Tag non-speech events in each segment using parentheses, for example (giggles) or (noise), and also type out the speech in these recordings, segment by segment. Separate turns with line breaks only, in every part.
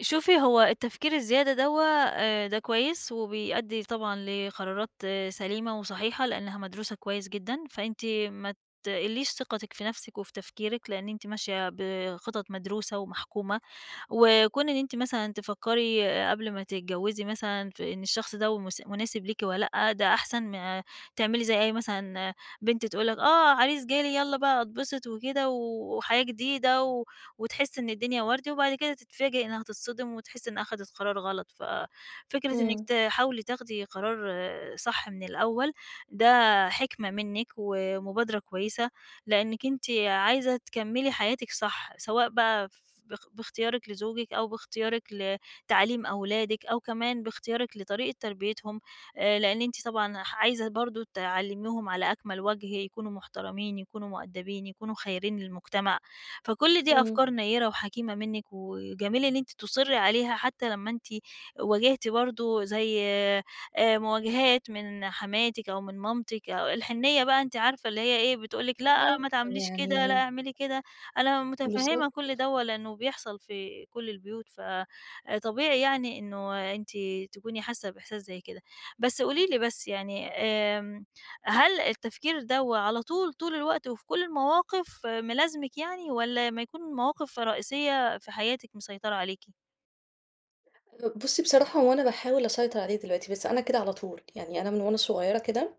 شوفي، هو التفكير الزيادة دَوّة، آآ، ده كويس وبيأدّي طبعًا لقرارات سليمة وصحيحة لأنها مدروسة كويس جدًا، فأنتِ ما تقلّيش ثقتِك في نفسِك وفي تفكيرِك، لإن أنتِ ماشية بِخطط مدروسة ومحكومة، وكون إن أنتِ مثلًا تفكّري قبل ما تتجوزي مثلًا في إن الشخص ده ومس مناسب ليكِ والّا لأ. ده أحسن ما تعملي زي أي مثلًا بنت تقول لك: "آه عريس جالي، يالّا بقى أتبسط وكده، و وحياة جديدة." و وتحس إن الدنيا وردي، وبعد كده تتفاجئ إنها تتصدِم وتحِس إنها خدت قرار غلط، ففكرة إنِك
إمم.
تحاولي تاخدي قرار صح من الأول، ده حِكمة منِّك ومبادرة كويسة. لإنِّك أنتِ عايزة تكملي حياتِك صح، سواء بقى ف باخ باختيارِك لزوجِك، أو باختيارِك لتعليم أولادِك، أو كمان باختيارِك لطريقة تربيتهم، آآ، لإن أنتِ طبعًا ح عايزة برضه تعلّميهم على أكمل وَجه، يكونوا محترمين، يكونوا مؤدبين، يكونوا خيرين للمجتمع، فكل دي
إمم.
أفكار نيّرة وحكيمة منِّك، وجميل إن أنتِ تُصرّي عليها، حتى لما أنتِ واجِهتي برضه زي آآ، مواجهات من حماتِك أو من مامتِك، أو الحنّية بقى، أنتِ عارفة اللي هي إيه، بتقول لِك:
آه
"لأ
(unintelligible)
ما تعمليش كده، لأ
يعني
اعملي كده." أنا مُتفهّمة كل
بالضبط.
دوّه ولإنه بيحصل في كل البيوت، فآآ، طبيعي يعني إنه أنتِ تكوني حاسّة بإحساس زي كده. بس قولي لي، بس يعني، آمم، هل التفكير دَوّة على طول طول الوقت وفي كل المواقف ملازمِك يعني، والّا أما يكون مواقف رئيسية في حياتِك مِسيطرة عليكِ؟
آآ بُصّي بصراحة هو أنا باحاول أسيطر عليه دلوقتي بس أنا كده على طول يعني أنا من وأنا صغيرة كده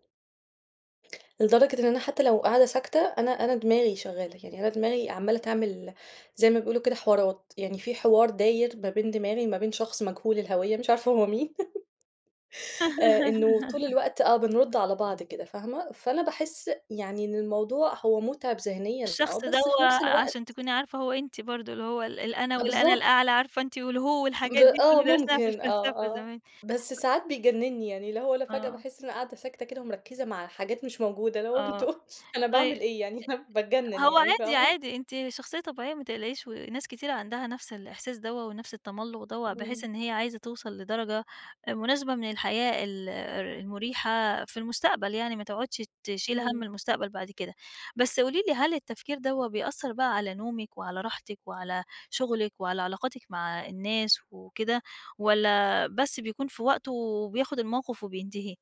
لدرجة إن أنا حتى لو قاعدة ساكتة أنا أنا دماغي شغالة كده يعني أنا دماغي عمالة تعمل زي ما بيقولوا كده حوارات يعني في حوار داير ما بين دماغي وما بين شخص مجهول الهوية مش عارفة هو مين (laughs) آآ إنه طول
(giggles)
الوقت آه بنرُد على بعض كده فاهمة؟ فأنا باحس يعني إن الموضوع هو مُتعب ذهنيًا آه
الشخص
بس في
دَوّة
نفس الوقت
عشان تكوني عارفة هو أنتِ برضه اللي هو ال الأنا
أ
والأنا
بالضبط.
الأعلى عارفة أنتِ والهو
ب
والحاجات دي
آه
اللي درسناها في
ممكن آه
الفلسفة
آه
زمان.
بس ساعات بيجنِّني يعني اللي هو لأ فجأة
آه.
باحس إني قاعدة ساكتة كده ومركزة مع حاجات مش موجودة اللي هو
آه،
أنتم أنا باعمل
طيب
إيه (unintelligible) يعني
أ
باتجنِّن
هو
يعني
عادي
فاهمة؟
عادي أنتِ شخصيّة طبيعيّة ما تقلقيش وناس كتير عندها نفس الإحساس دَوّة ونفس التملّق دَوّة بحيث
إمم.
إن هي عايزة توصل لدرجة مناسبة من الحياة ال المُريحة في المستقبل، يعني ما تقعدش تشيل هَم
إمم.
المستقبل بعد كده. بس قولي لي، هل التفكير دَوّة بيأثّر بقى على نومِك، وعلى راحتِك، وعلى شغلِك وعلى علاقاتِك مع الناس وكده والّا بس بيكون في وقتُه وبياخُد الموقف وبينتهي؟